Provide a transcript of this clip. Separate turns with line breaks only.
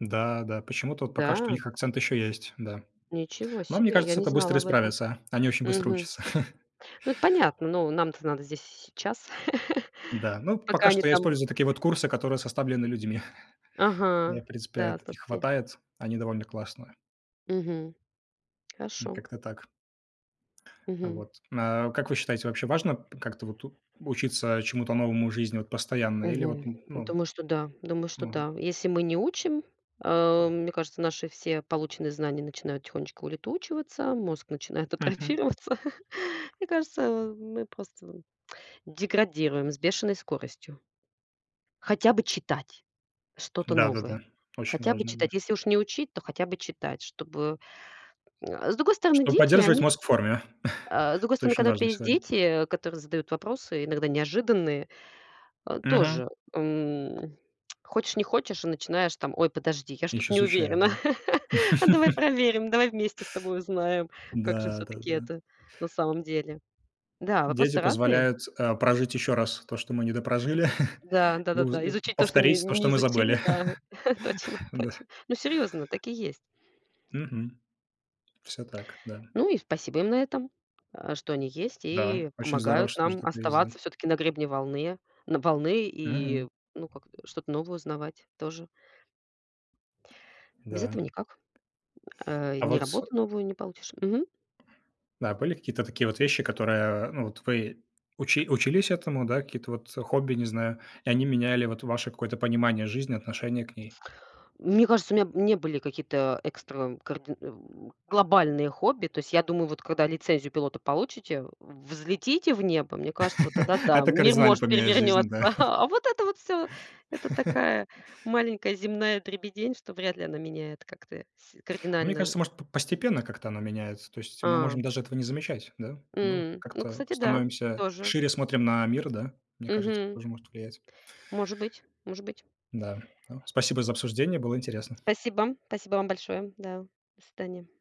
Да да, почему-то вот пока что у
Да.
них акцент еще есть, да.
Ничего
Но мне
себе. А я
кажется,
не
это
знала
быстро
об этом.
исправится. Они очень быстро
Мгм.
учатся.
Ну, это понятно. Но нам-то надо здесь и сейчас,
Да, ну,
пока
пока
они
что я
там
использую такие вот курсы, которые составлены людьми. У
Ага,
меня, в принципе,
да,
их
слушайте
хватает. Они довольно классные.
Мгм.
М,
Хорошо.
как-то так. Э,
Мгм.
вот. А как вы считаете, вообще важно п как-то вот тут учиться чему-то новому в жизни вот постоянно или вот,
Мгм.
м, ну
Думаю, что да. Думаю, что
Норма.
да. Если мы не учим, э, мне кажется, наши все полученные знания начинают тихонечко улетучиваться, мозг начинает
Мгм.
атрофироваться. Мне кажется, а, мы просто деградируем с бешеной скоростью. Хотя бы читать что-то новое,
Да-да-да, очень
хотя бы
важно. Да.
читать. Если уж не учить, то хотя бы читать, чтобы Э, с другой стороны,
Чтоб
дети,
поддерживать
они всё
мозг в форме,
А с другой
это
стороны,
очень
когда у тебя
важно
есть
сегодня.
дети, которые задают вопросы, иногда неожиданные, а
Мгм.
тоже, м, хочешь не хочешь, а начинаешь: "Там, ой, подожди, я что-то
Еще
не
изучает,
уверена,
да?
а давай проверим, давай вместе с тобой узнаем, как же
Да да
всё-таки
да.
это на самом деле". Да,
Дети
вопросы-то разные.
позволяют, а, прожить еще раз то, что мы не допрожили,
Да.
и уз
Да-да-да.
э,
Изучить то, что не
повторить то,
не
что мы
изучили.
забыли.
Да, точно
Да.
точно. Ну, серьёзно, так и есть.
Мгм. Всё так. Да.
Ну и спасибо им на этом, а, что они есть
Да,
и
очень здорово,
помогают
что тоже
нам
такое есть, да.
оставаться всё-таки на гребне волны на волны и,
Мгм.
ну, как-то, что-то новое узнавать тоже. Без
Да.
этого никак. Э,
А
ни
вот с
работу новую не получишь Мгм.
Да, а были какие-то такие вот вещи, которые, ну вот, вы учи учились этому, да, какие-то вот хобби, не знаю, и они меняли вот ваше какое-то понимание жизни, отношение к ней?
Мне кажется, у меня, м, не были какие-то экстра карди м, глобальные хобби. То есть, я думаю, вот когда лицензию пилота получите, взлетите в небо. Мне кажется, вот тогда да,
Это
мир
кардинально
может
поменяет жизнь. Да.
перевернется. А вот это вот всё- это такая маленькая земная дребедень, что вряд ли она меняет как-то с
А мне
кардинально ж
кажется, может, п постепенно как-то оно меняется. То есть мы можем
А.
даже этого не замечать, да? Ну,
М. Ну,
как-то
кстати, да,
становимся
тоже.
шире, смотрим на мир, да? Мне кажется,
Мгм.
тоже может влиять.
Может быть может быть.
Да, ну, спасибо за обсуждение, было интересно.
Спасибо спасибо вам большое. Да. До свидания.